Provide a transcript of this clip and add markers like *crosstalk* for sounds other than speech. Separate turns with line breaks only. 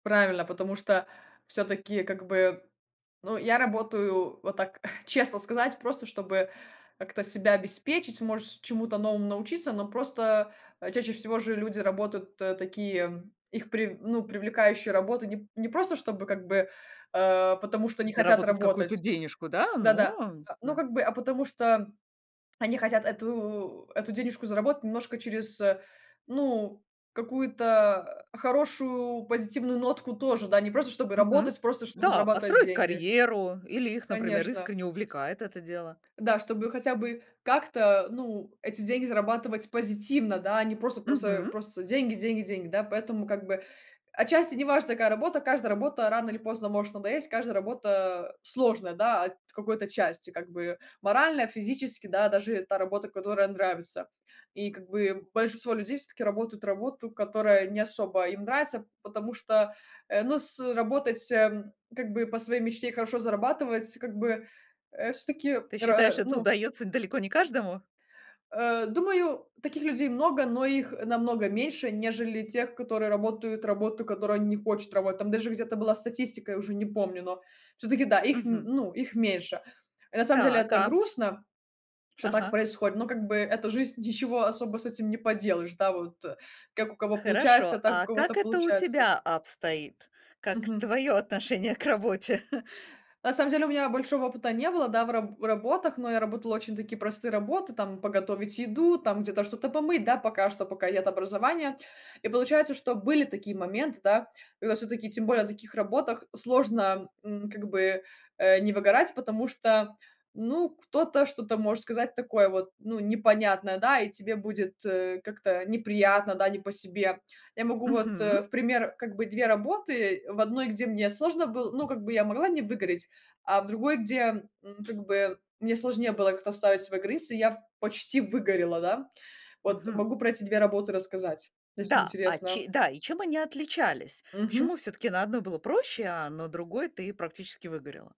Правильно, потому что, всё-таки, как бы, ну, я работаю вот так, *chuckles* честно сказать, просто чтобы как-то себя обеспечить, может, чему-то новому научиться. Но просто, э, чаще всего же люди работают тэ такие, м, их прив ну, привлекающую работу не п не просто, чтобы, как бы, э, потому что не хотят
Заработать какую-то
работать
денежку, да,
Да-да,
но, а, не
а, ну,
знаю.
как бы, а потому что, м, они хотят эту эту денежку заработать немножко через, э, ну, какую-то, э, хорошую, позитивную нотку тоже, да, не просто чтобы
Мгм.
работать, просто чтобы
Да,
зарабатывать
построить
деньги.
карьеру или их, например,
Конечно.
искренне увлекает это дело.
Да, чтобы хотя бы как-то, ну, эти деньги зарабатывать позитивно, да, а не просто просто э,
Мгм.
просто деньги, деньги, деньги, да? Поэтому, как бы, отчасти не важно, какая работа, каждая работа рано или поздно может надоесть, каждая работа сложная, да, от какой-то части, как бы. Морально, физически, да, даже та работа, которая нравится. И как бы большинство людей всё-таки работают работу, которая не особо им нравится, потому что, э, ну, с ы работать, эм, как бы по своей мечте, и хорошо зарабатывать, как бы, э, всё-таки
Ты считаешь,
роа
это
ну
удаётся далеко не каждому?
Э, думаю, таких людей много, но их, э, намного меньше, нежели тех, которые работают работу, которую они не хочет работать. Там даже где-то была статистика, я уже не помню, но всё-таки, да, их, м,
Мгм.
ну, их меньше. Э, на самом деле,
Так,
это
а ф
грустно, что так
Ага. А
происходит, но как бы это жизнь, ничего особо с этим не поделаешь, да. Вот, э, как у
Э,
кого получается,
хорошо,
так у
а
кого-то
как это у
получается.
тебя обстоит? Как
Мгм.
твое отношение к работе? *chuckles*
На самом деле у меня большого опыта не было, да, в раб работах, но я работала очень такие простые работы: там подготовить еду, там где-то что-то помыть, да, пока что, пока нет образования. И, получается, что были такие моменты, да, когда всё-таки, тем более на таких работах сложно, м, как бы, э, не выгорать, потому что, ну, кто-то что-то может сказать такое вот, ну, непонятное, да, и тебе будет, э, как-то неприятно, да, не по себе. Я могу вот, э,
Мгм.
в пример, как бы, 2 работы. В одной, где мне сложно был ну, как бы, я могла не выгореть, а в другой, где, м, как бы, мне сложнее было как-то оставить свой грыз, и я почти выгорела, да. Вот,
Мгм.
могу про эти 2 работы рассказать, ну, если
Да, а
интересно.
че да, и чем они отличались?
Мгм.
Почему всё-таки на одной было проще, а на другой ты практически выгорела?